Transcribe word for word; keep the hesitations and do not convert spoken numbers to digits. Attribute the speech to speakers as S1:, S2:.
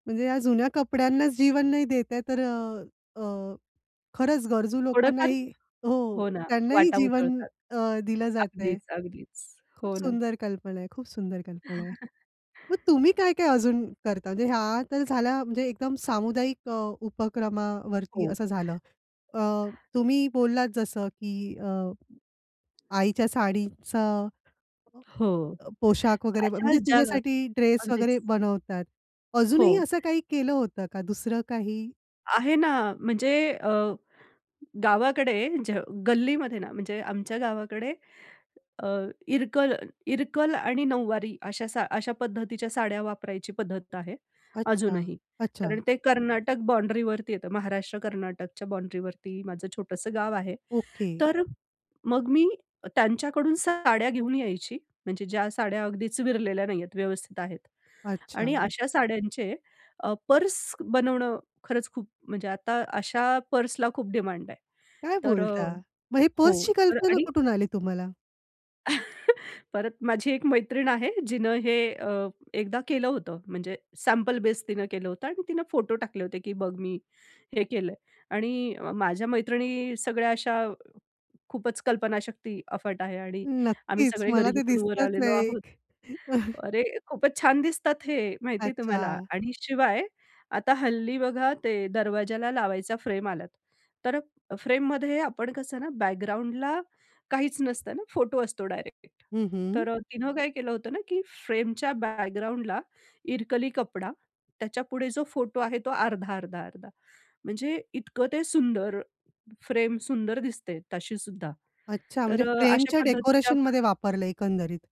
S1: म्हणजे या जुन्या कपड्यांनाच जीवन नाही देत आहे. तर अ, अ, खरंच गरजू
S2: थोडंफार
S1: लोकांनाही हो.
S2: हो ना,
S1: त्यांनाही
S2: वाटा
S1: जीवन
S2: उजळतात.
S1: अ, दिलं जातंय.
S2: अगदीच, अगदीच.
S1: खूप
S2: हो ना.
S1: सुंदर कल्पना आहे, खूप सुंदर कल्पना आहे. मग तुम्ही काय-काय अजून करता? म्हणजे ह्या तर झाल्या म्हणजे एकदम सामुदायिक अ, उपक्रमावरती
S2: हो.
S1: असं झालं. अ, तुम्ही बोललात जसं की अ, आईच्या साडीचा
S2: हो.
S1: अ, पोशाख वगैरे म्हणजे
S2: अशाच ज्या अ
S1: तिच्यासाठी ड्रेस
S2: अगदीच.
S1: वगैरे बनवतात.
S2: हो.
S1: अजूनही असं काही केलं होतं का? दुसरं काही?
S2: आहे ना. म्हणजे अ, गावाकडे ज गल्लीमध्ये ना म्हणजे आमच्या गावाकडे अ, इरकल इरकल आणि नऊवारी अशा सा अशा पद्धतीच्या साड्या वापरायची पद्धत आहे
S1: अच्छा.
S2: अजूनही. कारण
S1: अच्छा.
S2: ते कर्नाटक बाउंड्रीवरती येतं. महाराष्ट्र-कर्नाटकच्या बाउंड्रीवरती माझं छोटंसं गाव आहे.
S1: ओके.
S2: तर मग मी त्यांच्याकडून साड्या घेऊन यायची. म्हणजे ज्या साड्या अगदीच विरलेल्या नाही आहेत, व्यवस्थित आहेत. आणि
S1: अच्छा.
S2: अशा साड्यांचे अ, पर्स बनवणं खरंच खूप म्हणजे आता अशा पर्सला खूप डिमांड आहे.
S1: काय
S2: तर अ,
S1: बोलता! मग ही
S2: हो
S1: पर्सची कल्पना
S2: आणि
S1: कुठून आली तुम्हाला?
S2: परत माझी एक मैत्रीण आहे, जिनं हे अ, एकदा केलं होतं. म्हणजे सॅम्पल बेस तिनं केलं होतं आणि तिनं फोटो टाकले होते की, "बघ मी हे केलंय." आणि अ, माझ्या मैत्रिणी सगळ्या अशा खूपच कल्पनाशक्ती अफाट आहे आणि आम्ही
S1: नक्कीच.
S2: सगळे
S1: मला ते
S2: गरिबीतून वर
S1: दिसतच
S2: आलेलो
S1: आहे
S2: आहोत.
S1: एक.
S2: अरे खूपच छान दिसतात हे माहितीये तुम्हाला?
S1: अच्छा.
S2: आणि शिवाय, आता हल्ली बघा ते दरवाज्याला लावायचा फ्रेम आलाय. तर फ्रेममध्ये आपण कसं ना बॅकग्राऊंडला काहीच नसतं ना, फोटो असतो डायरेक्ट.
S1: हं, हं.
S2: तर अ, तिने काय केलं होतं ना, की फ्रेमच्या बॅकग्राऊंडला इरकली कपडा. त्याच्यापुढे जो फोटो आहे तो अर्धा-अर्धा-अर्धा म्हणजे इतकं ते सुंदर. फ्रेम सुंदर दिसते तशीसुद्धा.
S1: अच्छा. म्हणजे
S2: तर अ, अशा
S1: फ्रेमच्या डेकोरेशनमध्ये
S2: पद्धतीच्या.
S1: वापरल एकंदरीत.